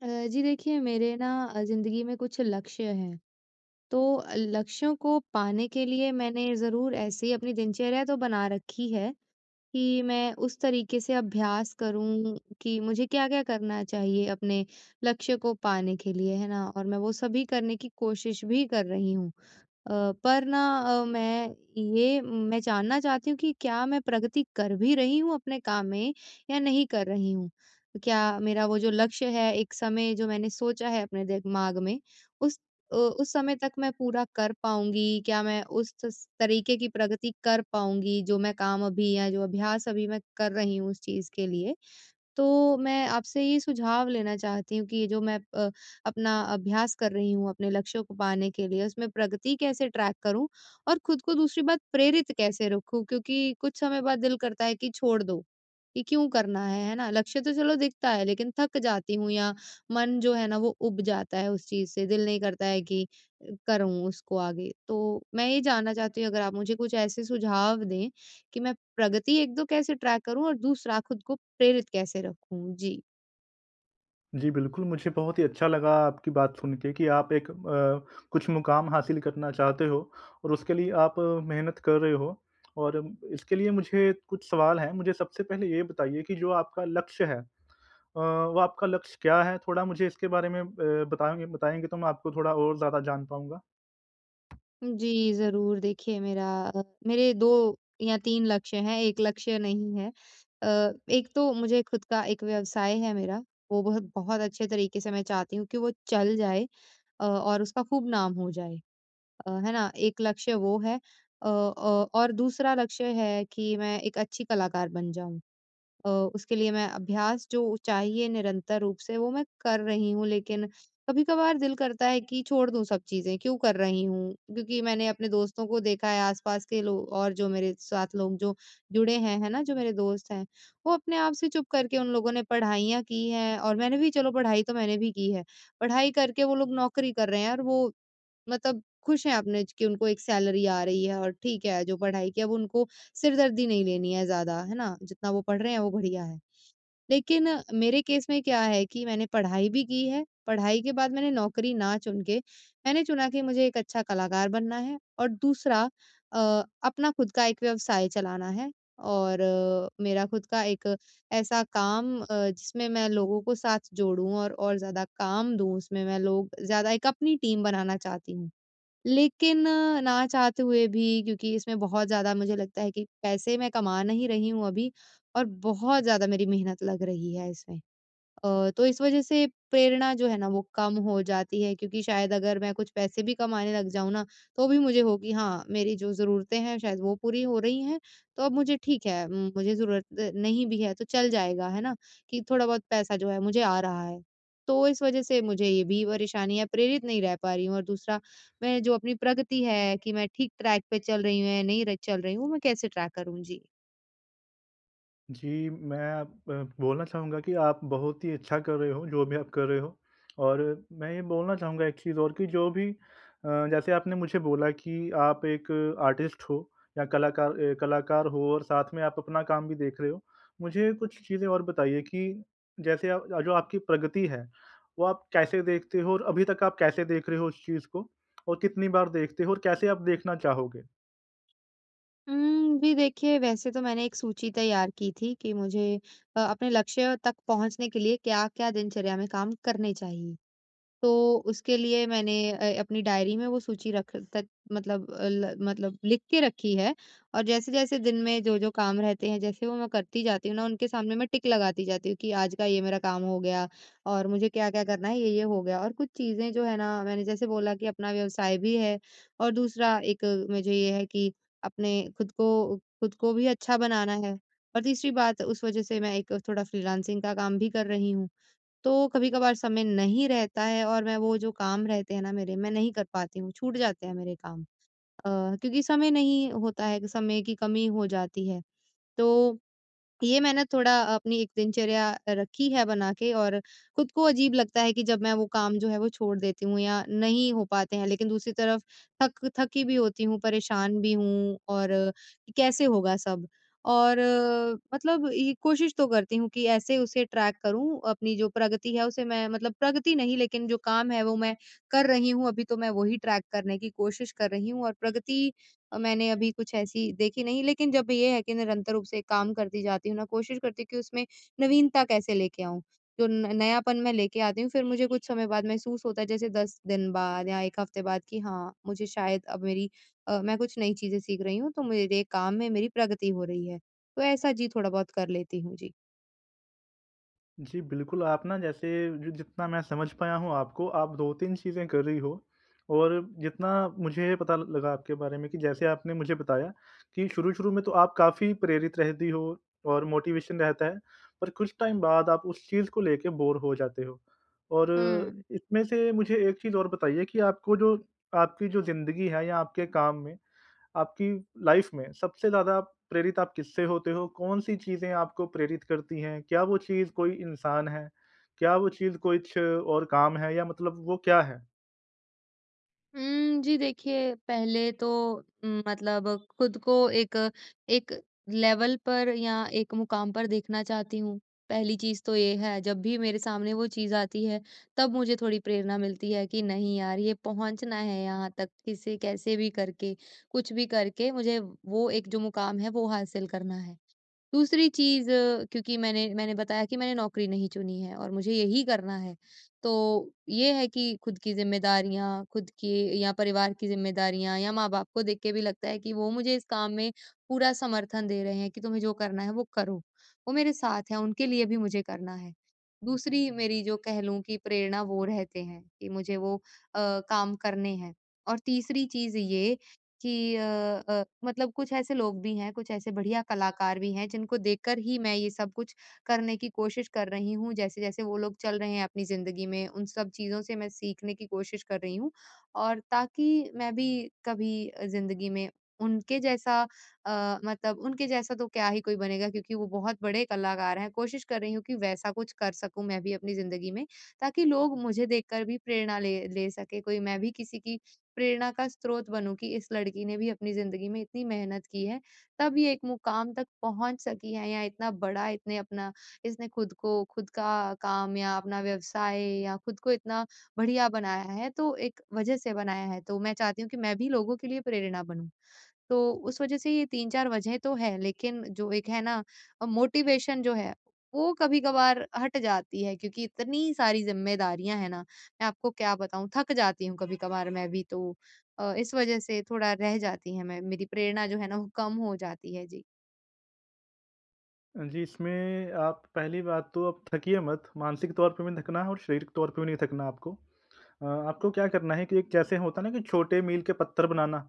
अ, जी। देखिए मेरे ना ज़िंदगी में कुछ लक्ष्य हैं। तो लक्ष्यों को पाने के लिए मैंने ज़रूर ऐसी ही अपनी दिनचर्या तो बना रखी है कि मैं उस तरीके से अभ्यास करूँ कि मुझे क्या-क्या करना चाहिए अपने लक्ष्य को पाने के लिए, है ना? और मैं वो सभी करने की कोशिश भी कर रही हूँ। अ, पर ना अ, मैं ये मैं जानना चाहती हूँ कि क्या मैं प्रगति कर भी रही हूँ अपने काम में या नहीं कर रही हूँ। क्या मेरा वो जो लक्ष्य है, एक समय जो मैंने सोचा है अपने दिमाग में उस अ, उस समय तक मैं पूरा कर पाऊँगी। क्या मैं उस स तरीके की प्रगति कर पाऊँगी जो मैं काम अभी या जो अभ्यास अभी मैं कर रही हूँ उस चीज़ के लिए, तो मैं आपसे ये सुझाव लेना चाहती हूँ कि जो मैं अ, अपना अभ्यास कर रही हूँ अपने लक्ष्यों को पाने के लिए उसमें प्रगति कैसे ट्रैक करूँ? और खुद को दूसरी बात प्रेरित कैसे रखूँ? क्योंकि कुछ समय बाद दिल करता है कि छोड़ दो कि क्यों करना है, है ना? लक्ष्य तो चलो दिखता है लेकिन थक जाती हूँ या मन जो है ना वो ऊब जाता है उस चीज से दिल नहीं करता है कि करूँ उसको आगे? तो मैं ये जानना चाहती हूँ अगर आप मुझे कुछ ऐसे सुझाव दें कि मैं प्रगति 1-2 कैसे ट्रैक करूँ और दूसरा खुद को प्रेरित कैसे रखूँ? जी। जी, बिल्कुल मुझे बहुत ही अच्छा लगा आपकी बात सुन के कि आप एक अ, कुछ मुक़ाम हासिल करना चाहते हो और उसके लिए आप मेहनत कर रहे हो और इसके लिए मुझे कुछ सवाल हैं। मुझे सबसे पहले ये बताइए कि जो आपका लक्ष्य है अ, वो आपका लक्ष्य क्या है थोड़ा मुझे इसके बारे में ए बताएँ बताएँगे तो मैं आपको थोड़ा और ज़्यादा जान पाऊँगा। जी, ज़रूर देखिए, मेरा मेरे 2 या 3 लक्ष्य हैं, एक लक्ष्य नहीं है। अ, एक तो मुझे खुद का एक व्यवसाय है मेरा वो बहुत-बहुत अच्छे तरीके से मैं चाहती हूँ कि वो चल जाए अ, और उसका खूब नाम हो जाए, अ, है ना? एक लक्ष्य वो है। अ अ, और दूसरा लक्ष्य है कि मैं एक अच्छी कलाकार बन जाऊँ औ उसके लिए मैं अभ्यास जो चाहिए निरंतर रूप से वो मैं कर रही हूँ। लेकिन कभी-कभार दिल करता है कि छोड़ दूँ सब चीज़ें क्यों कर रही हूँ। क्योंकि मैंने अपने दोस्तों को देखा है आस-पास के लोग और जो मेरे साथ लोग जो जुड़े हैं है ना जो मेरे दोस्त हैं। वो अपने आप से चुप करके उन लोगों ने पढ़ाइयाँ की हैं और मैंने भी चलो पढ़ाई तो मैंने भी की है। पढ़ाई करके वो लोग नौकरी कर रहे हैं और वो मतलब खुश हैं अपने कि उनको एक सैलरी आ रही है और ठीक है, जो पढ़ाई की है वो उनको सिर दर्दी नहीं लेनी है ज़्यादा है ना जितना वो पढ़ रहे हैं, वो बढ़िया है। लेकिन मेरे केस में क्या है कि मैंने पढ़ाई भी की है, पढ़ाई के बाद मैंने नौकरी ना चुन के मैंने चुना कि मुझे एक अच्छा कलाकार बनना है। और दूसरा अ, अपना खुद का एक व्यवसाय चलाना है और मेरा खुद का एक ऐसा काम अ, जिसमें मैं लोगों को साथ जोड़ूँ और-और ज़्यादा काम दूँ। उसमें मैं लोग ज़्यादा एक अपनी टीम बनाना चाहती हूँ, लेकिन ना चाहते हुए भी क्योंकि इसमें बहुत ज़्यादा मुझे लगता है कि पैसे मैं कमा नहीं रही हूँ अभी और बहुत ज़्यादा मेरी मेहनत लग रही है इसमें अ, तो इस वज़ह से प्रेरणा जो है ना वो कम हो जाती है। क्योंकि शायद अगर मैं कुछ पैसे भी कमाने लग जाऊँ ना तो भी मुझे हो कि हाँ, मेरी जो ज़रूरतें हैं शायद वो पूरी हो रही हैं। तो अब मुझे ठीक है मुझे ज़रूरत नहीं भी है तो चल जाएगा है ना, कि थोड़ा बहुत पैसा जो है मुझे आ रहा है तो इस वज़ह से मुझे ये भी परेशानियाँ प्रेरित नहीं रह पा रही हूँ। और दूसरा मैं जो अपनी प्रगति है कि मैं ठीक ट्रैक पे चल रही हूँ या नहीं र चल रही हूँ मैं कैसे ट्रैक करूँ? जी। जी, मैं अब ब बोलना चाहूँगा कि आप बहुत ही अच्छा कर रहे हो जो भी आप कर रहे हो और मैं ये बोलना चाहूँगा एक चीज़ और की जो भी अ, जैसे आपने मुझे बोला कि आप एक आर्टिस्ट हो या कलाकार ए कलाकार हो और साथ में आप अपना काम भी देख रहे हो, मुझे कुछ चीज़ें और बताइए कि जैसे आप जो आपकी प्रगति है वो आप कैसे देखते हो और अभी तक आप कैसे देख रहे हो उस चीज़ को? और कितनी बार देखते हो? और कैसे आप देखना चाहोगे? हुँ। जी देखिए, वैसे तो मैंने एक सूची तैयार की थी कि मुझे अ, अपने लक्ष्य तक पहुँचने के लिए क्या-क्या दिनचर्या में काम करने चाहिए। तो उसके लिए मैंने अ, अपनी डायरी में वो सूची रख तक मतलब ल मतलब लिख के रखी है और जैसे-जैसे दिन में जो-जो काम रहते हैं जैसे वो मैं करती जाती हूँ ना, उनके सामने मैं टिक लगाती जाती हूँ कि आज का ये मेरा काम हो गया और मुझे क्या-क्या करना है। ये-ये हो गया और कुछ चीज़ें जो है ना मैंने जैसे बोला कि अपना व्यवसाय भी है और दूसरा एक मुझे ये है कि अपने खुद को खुद को भी अच्छा बनाना है और तीसरी बात उस वज़ह से मैं एक थोड़ा फ़्रीलेंसिंग का काम भी कर रही हूँ, तो कभी-कभार समय नहीं रहता है और मैं वो जो काम रहते हैं ना मेरे मैं नहीं कर पाती हूँ, छूट जाते हैं मेरे काम। अ, क्योंकि समय नहीं होता है कि समय की कमी हो जाती है तो ये मैंने थोड़ा अपनी एक दिनचर्या रखी है बना के और खुद को अजीब लगता है कि जब मैं वो काम जो है वो छोड़ देती हूँ या नहीं हो पाते हैं। लेकिन दूसरी तरफ थक थकी भी होती हूँ, परेशान भी हूँ और कैसे होगा सब और मतलब ये कोशिश तो करती हूँ कि, ऐसे उसे ट्रैक करूँ अपनी जो प्रगति है उसे मैं मतलब प्रगति नहीं लेकिन जो काम है वो मैं कर रही हूँ, अभी तो मैं वही ट्रैक करने की कोशिश कर रही हूँ, और प्रगति मैंने अभी कुछ ऐसी देखी नहीं लेकिन जब ये है कि, निरंतर रूप से काम करती जाती हूँ ना कोशिश करती हूँ कि उसमें नवीनता कैसे लेके आऊँ तो न नयापन मैं लेके आती हूँ फिर मुझे कुछ समय बाद महसूस होता है जैसे 10 दिन बाद या एक हफ़्ते बाद कि हाँ, मुझे शायद अब मेरी अ, मैं कुछ नई चीजें सीख रही हूँ तो मेरे काम में मेरी प्रगति हो रही है तो ऐसा जी थोड़ा बहुत कर लेती हूँ। जी। जी, बिल्कुल आप ना जैसे ज जितना मैं समझ पाया हूँ आपको आप दो-तीन चीजें कर रही हो। और जितना मुझे पता ल लगा आपके बारे में कि जैसे आपने मुझे बताया कि शुरू-शुरू में तो आप काफ़ी प्रेरित रहती हो और मोटिवेशन रहता है पर कुछ टाइम बाद आप उस चीज को लेके बोरे हो जाते हो और हुँ। इसमें से मुझे एक चीज़ और बताइए कि आपको जो आपकी जो जिंदगी है या आपके काम में। आपकी लाइफ़ में सबसे ज़्यादा प्रेरित आप किससे होते हो? कौन-सी चीज़ें आपको प्रेरित करती है? क्या वो चीज़ कोई इंसान है? क्या वो चीज़ कुछ और काम है या मतलब वो क्या है? हुँ, जी देखिए, पहले तो मतलब खुद को एक एक लेवल पर या एक मुक़ाम पर देखना चाहती हूँ पहली चीज़ तो ये है। जब भी मेरे सामने वो चीज़ आती है, तब मुझे थोड़ी प्रेरणा मिलती है कि नहीं यार ये पहुँचना है यहाँ तक, किसे कैसे भी करके, कुछ भी करके मुझे वो एक जो मुक़ाम है वो हासिल करना है। दूसरी चीज़ क्योंकि मैंने मैंने बताया कि मैंने नौकरी नहीं चुनी है और मुझे यही करना है तो ये है कि खुद की ज़िम्मेदारियाँ, खुद की या परिवार की जिम्मेदारियाँ या माँ बाप को देख के भी लगता है कि वो मुझे इस काम में पूरा समर्थन दे रहे हैं कि, तुम्हें जो करना है वो करो। वो मेरे साथ हैं, उनके लिए भी मुझे करना है, दूसरी मेरी जो कह लूँ की प्रेरणा वो रहते हैं कि मुझे वो अ, काम करने हैं। और तीसरी चीज़ ये कि अ अ, मतलब कुछ ऐसे लोग भी हैं, कुछ ऐसे बढ़िया कलाकार भी हैं जिनको देखकर ही मैं ये सब कुछ करने की कोशिश कर रही हूँ। जैसे-जैसे वो लोग चल रहे हैं अपनी ज़िंदगी में, उन सब चीज़ों से मैं सीखने की कोशिश कर रही हूँ। और ताकि मैं भी कभी अ, ज़िंदगी में उनके जैसा अ, मतलब उनके जैसा तो क्या ही कोई बनेगा क्योंकि वो बहुत बड़े कलाकार हैं। कोशिश कर रही हूँ कि वैसा कुछ कर सकूँ मैं भी अपनी ज़िंदगी में ताकि लोग मुझे देखकर भी प्रेरणा ले ले सके कोई मैं भी किसी की प्रेरणा का स्रोत बनूँ कि इस लड़की ने भी अपनी ज़िंदगी में इतनी मेहनत की है। तब ये एक मुक़ाम तक पहुँच सकी है या इतना बड़ा इसने अपना इसने खुद को खुद का काम या अपना व्यवसाय या खुद को इतना बढ़िया बनाया है। तो एक वजह से बनाया है तो मैं चाहती हूँ कि मैं भी लोगों के लिए प्रेरणा बनूँ। तो उस वजह से ये 3-4 वज़ह तो है, लेकिन जो एक है ना, मोटिवेशन जो है वो कभी-कभार हट जाती है। क्योंकि इतनी सारी जिम्मेदारियाँ हैं ना, मैं आपको क्या बताऊँ थक जाती हूँ कभी-कभार मैं भी तो अ, इस वज़ह से थोड़ा रह जाती है, मैं मेरी प्रेरणा जो है ना वो कम हो जाती है। जी। जी, इसमें आप पहली बात तो आप थकिए मत मानसिक तौर पे भी नहीं थकना है और शारीरिक तौर पे भी नहीं थकना आपको। अ, आपको क्या करना है कि एक जैसे होता है ना कि छोटे मील के पत्थर बनाना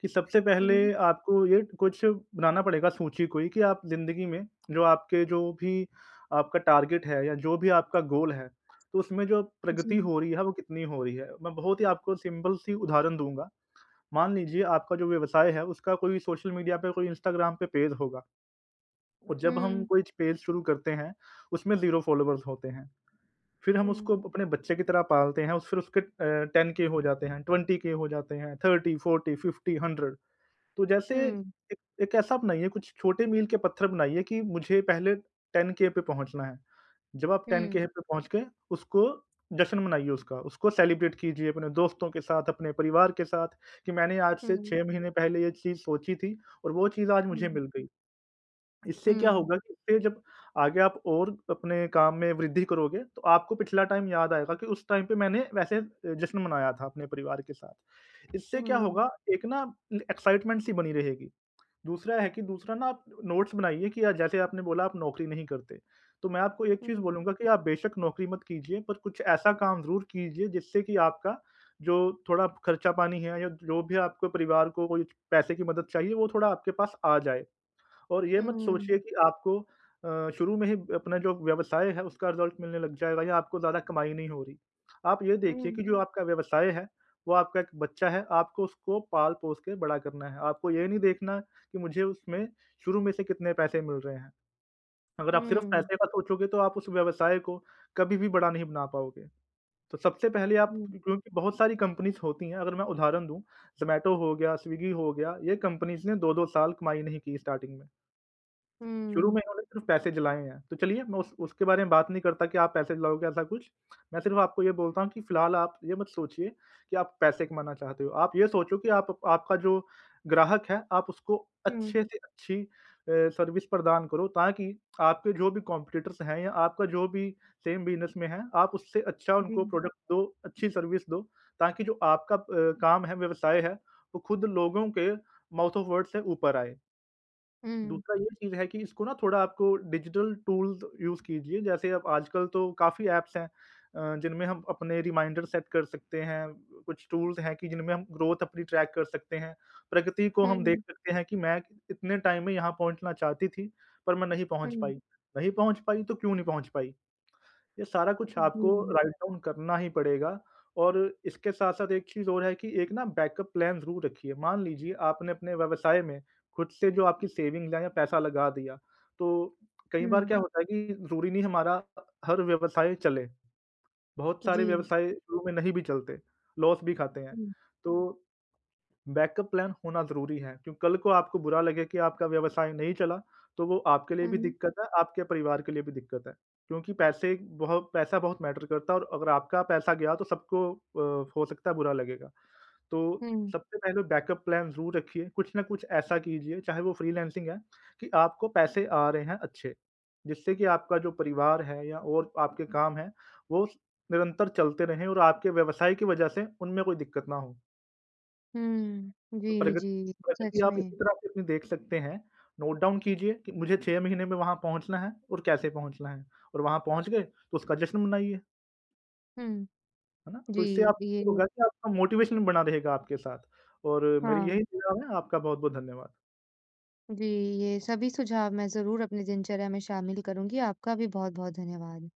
कि सबसे हुँ। पहले आपको ये कुछ बनाना पड़ेगा सूची कोई कि आप ज़िन्दगी में जो आपके जो भी आपका टारगेट है या जो भी आपका गोल है, तो उसमें जो प्रगति जी। हो रही है वो कितनी हो रही है। मैं बहुत ही आपको सिंपल सी उदाहरण दूँगा। मान लीजिए आपका जो व्यवसाय है उसका कोई सोशल मीडिया पे कोई इंस्टाग्राम पे पेज होगा। और जब हम हुँ। कोई च पेज शुरू करते हैं, उसमें ज़ीरो फॉलोवर्स होते हैं, फिर हम हुँ। उसको अपने बच्चे की तरह पालते हैं फिर उसके अ, 10 के हो जाते हैं, 20 के हो जाते हैं, 30-40-50-100 तो जैसे हुँ। एक ऐसा बनाइए कुछ छोटे मील के पत्थर बनाइए कि मुझे पहले 10 के के पे पहुँचना है। जब आप 10 हुँ। के पे पहुँच गए उसको जश्न मनाइए उसका, उसको सेलिब्रेट कीजिए अपने दोस्तों के साथ, अपने परिवार के साथ कि मैंने आज से हुँ। 6 महीने पहले ये चीज़ सोची थी और वो चीज़ आज मुझे हुँ। मिल गई। इससे क्या हुँ। होगा कि जब आगे आप और अपने काम में वृद्धि करोगे तो आपको पिछला टाइम याद आएगा कि उस टाइम पे मैंने वैसे जश्न मनाया था अपने परिवार के साथ। इससे क्या हुँ। होगा एक ना एक्साइटमेंट सी बनी रहेगी। दूसरा है कि दूसरा ना आप नोट्स बनाइए की जैसे आपने बोला आप नौकरी नहीं करते। तो मैं आपको एक चीज़ हुँ। बोलूँगा कि आप बेशक नौकरी मत कीजिए पर कुछ ऐसा काम ज़रूर कीजिए जिससे की आपका जो थोड़ा खर्चा पानी है या जो भी है आपके परिवार को कोई पैसे की मदद चाहिए वो थोड़ा आपके पास आ जाए। और ये मत सोचिए हुँ। कि आपको अ, शुरू में ही अपना जो व्यवसाय है उसका रिजल्ट मिलने लग जाएगा या आपको ज़्यादा कमाई नहीं हो रही। आप ये देखिए हुँ। कि जो आपका व्यवसाय है वो आपका एक बच्चा है आपको उसको पाल-पोस के बड़ा करना है आपको ये नहीं देखना कि मुझे उसमें शुरू में से कितने पैसे मिल रहे हैं। अगर आप सिर्फ हुँ। पैसे का सोचोगे तो आप उस व्यवसाय को कभी भी बड़ा नहीं बना पाओगे। तो सबसे पहले आप हुँ। क्योंकि बहुत सारी कंपनीज़ होती हैं अगर मैं उदाहरण दूँ ज़ोमैटो हो गया, स्विग्गी हो गया, ये कंपनीज़ ने 2-2 साल कमाई नहीं की स्टार्टिंग में। शुरू हुँ। में उन्होंने सिर्फ पैसे जलाए हैं। तो चलिए मैं उस उसके बारे में बात नहीं करता कि आप पैसे जलाओगे ऐसा कुछ मैं सिर्फ़ आपको ये बोलता हूँ कि फिलहाल आप ये मत सोचिए कि आप पैसे कमाना चाहते हो। आप ये सोचो कि आप आपका जो ग्राहक है आप उसको हुँ। अच्छे से अच्छी अ, सर्विस प्रदान करो ताकि आपके जो भी कॉम्पिटिटर्स हैं या आपका जो भी सेम बिजनेस में है आप उससे अच्छा उनको जी। प्रोडक्ट दो, अच्छी सर्विस दो ताकि जो आपका प काम है, व्यवसाय है वो खुद लोगों के माउथ ऑफ वर्ड्स से ऊपर आए। हुँ। दूसरा ये चीज़ है कि इसको ना थोड़ा आपको डिजिटल टूल्स यूज़ कीजिए जैसे अब आजकल तो काफ़ी ऐप्स हैं अ, जिनमें हम अपने रिमाइंडर सेट कर सकते हैं ब कुछ टूल्स हैं, जिनमें हम ग्रोथ अपनी ट्रैक कर सकते हैं। प्रगति को हुँ, हम देख हुँ। सकते हैं कि मैं इ इतने टाइम में यहाँ पहुँचना चाहती थी पर मैं नहीं पहुँच हुँ। पाई, नहीं पहुँच पाई तो क्यों नहीं पहुँच पाई? ये सारा कुछ आपको जी। राइट डाउन करना ही पड़ेगा और इसके साथ-साथ एक चीज़ और है कि एक ना बैकअप प्लान ज़रूर रखिए। मान लीजिए आपने अपने व्यवसाय में खुद से जो आपकी सेविंग है या पैसा लगा दिया, तो कई बार हुँ। क्या होता है कि ज़रूरी नहीं हमारा हर व्यवसाय चले। बहुत सारे जी। व्यवसाय शुरू में नहीं भी चलते लॉस भी खाते हैं। हुँ। तो बैकअप प्लान होना ज़रूरी है, क्योंकि कल को आपको बुरा लगे कि आपका व्यवसाय नहीं चला तो वो आपके लिए भी हुँ। दिक्कत है, आपके परिवार के लिए भी दिक्कत है क्योंकि पैसे बहुत पैसा बहुत मैटर करता है और अगर आपका पैसा गया तो सबको अ, हो सकता है बुरा लगेगा। तो हुँ। सबसे पहले बैकअप प्लान ज़रूर रखिए कुछ ना कुछ ऐसा कीजिए चाहे वो फ्रीलांसिंग है कि आपको पैसे आ रहे हैं अच्छे, जिससे की आपका जो परिवार है या और आपके काम हैं वो उस निरंतर चलते रहें और आपके व्यवसाय की वजह से उनमें कोई दिक्कत ना हो। हम्म। जी, प्रगति, जी प्रगति सच आप इसी में। तरह से देख सकते हैं। नोट डाउन कीजिए कि मुझे 6 महीने में वहाँ पहुँचना है और कैसे पहुँचना है और वहाँ पहुँच गए तो उसका जश्न मनाइए। हुँ। है ना? तो इससे जी, आपको ये होगा कि आपका मोटिवेशन बना रहेगा आपके साथ और मेरी यही हाँ। दुआ है। आपका बहुत-बहुत धन्यवाद। जी, ये सभी सुझाव मैं ज़रूर अपनी दिनचर्या में शामिल करूँगी। आपका भी बहुत-बहुत धन्यवाद।